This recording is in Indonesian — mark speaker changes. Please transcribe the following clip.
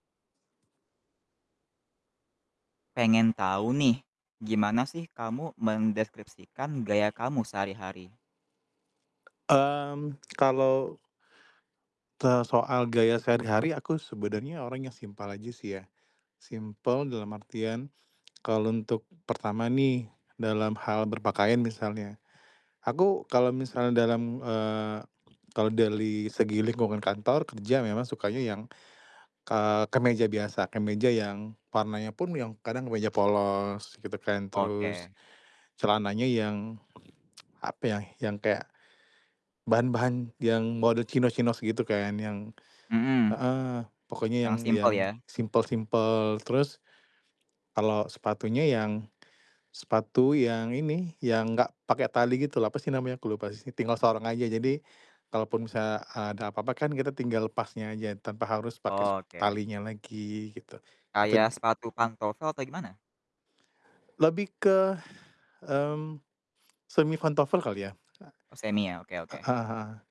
Speaker 1: Pengen tau nih, gimana sih kamu mendeskripsikan gaya kamu sehari-hari?
Speaker 2: Mmm, kalau te soal gaya sehari-hari aku sebenarnya orang yang simpel aja sih ya. Simpel dalam artian kalau untuk pertama nih, dalam hal berpakaian misalnya. Aku kalau misalnya dalam, eee, kalau dali segi lingkungan kantor kerja memang sukanya yang, k eee, kemeja biasa, kemeja yang warnanya pun yang kadang kemeja polos gitu kan, terus
Speaker 1: Oke.
Speaker 2: celananya yang apa ya, yang kayak bahan-bahan yang model chinos-chinos gitu kan. Yang
Speaker 1: Hmm.
Speaker 2: heeh, pokoknya
Speaker 1: Yang
Speaker 2: yang
Speaker 1: simpel
Speaker 2: yang
Speaker 1: ya?
Speaker 2: simpel-simpel terus, kalau sepatunya yang, sepatu yang ini, yang enggak pakai tali gitu loh apa sih namanya ke lupa sih tinggal sorong aja, jadi
Speaker 1: Hmm.
Speaker 2: kalaupun bisa ada apa-apa kan kita tinggal lepasnya aja tanpa harus pakai sep
Speaker 1: Oke.
Speaker 2: talinya lagi gitu.
Speaker 1: Kayak
Speaker 2: Eten
Speaker 1: sepatu pantofel atau gimana?
Speaker 2: Lebih ke, mmm, semi pantofel kali ya?
Speaker 1: Oh semi ya? Oke
Speaker 2: A
Speaker 1: oke.
Speaker 2: heeh heeh.